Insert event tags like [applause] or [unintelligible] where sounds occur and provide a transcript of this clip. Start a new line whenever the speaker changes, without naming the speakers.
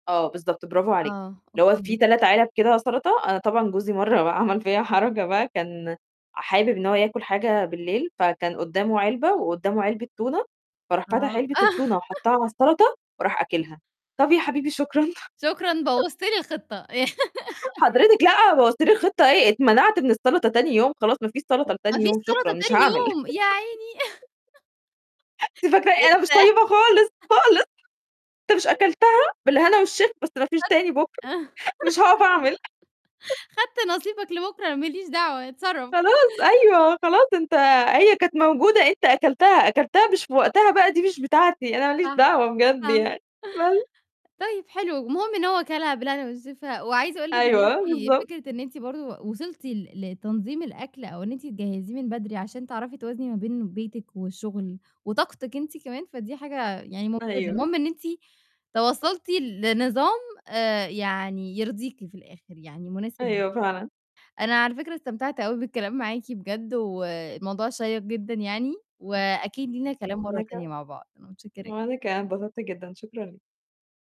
آه، بالضبط برافو عليكِ،
آه،
اللي هو
أوكي.
في 3 علب كده سَلطة، أنا طبعًا جوزي مرّة بقى عمل فيّا حركة بقى، كان حابب إن هو ياكُل حاجة بالليل، فكان قدّامه علبة وقدّامه علبة تونة، فراح
أب
فتح علبة
آه.
التونة وحطّها على السَلطة وراح أكلها، طَب يا حبيبي شكرًا.
شكرًا،
[chuckles]
بوظت لي الخطّة. [laughs]
حضرتِك لأ، بوّظتِ لي الخطّة إيه، اتمنعت من السَلطة تاني يوم، خلاص ما فيش سَلطة
ما
لتاني
فيش
يوم شكرًا،
سَلطة
مش
تاني
هاعمل.
يوم، يا عيني.
[laughs]
[chuckles]
أنتِ فاكرة إيه؟ أنا مش
[unintelligible]
طيّبة خالص، خالص. "أنت مش
[unintelligible]
أكلتها بالهنا والشفا، بس ما فيش
خدت
تاني بُكرة، مش هاقف أعمل." [chuckles]
[laughs] خدت نصيبك لبكُرة أنا ما ليش دعوة اتصرّف.
خلاص أيوه، "خلاص أنت هي كانت موجودة أنت أكلتها، أكلتها مش في وقتها بقى دي مش بتاعتي، أنا ما ليش
آه.
دعوة بجد
آه.
يعني." [unintelligible]
طيب حلو، المهم إن هو كَلها بالهنا والشفا وعايزة أقول لِك إن
أيوه، آه،
أنتِ
بالضبط.
فكرة أنتِ برضه و وصلتِ ل لتنظيم الأكل أو إن أنتِ تجهّزيه من بدري عشان تعرفي توازني ما بين بيتِك والشُغل وطاقتِك أنتِ كمان، فدي حاجة يعني مُمتازة
أيوه.
المهم إن أنتِ توصّلتِ ل لنظام آآ يعني يرضيكِ في الآخِر، يعني مناسب ليكِ.
أيوه، فعلًا.
أنا على فكرة استمتعت أوي بالكلام معاكِ بجد والموضوع شيّق جدًا يعني وأكيد لينا كلام
وأنا
مرّة تانية
كمان.
مع بعض، أنا متشكّرة ج
وأنا كمان أنا اتبسطت جدًا، شكرًا لي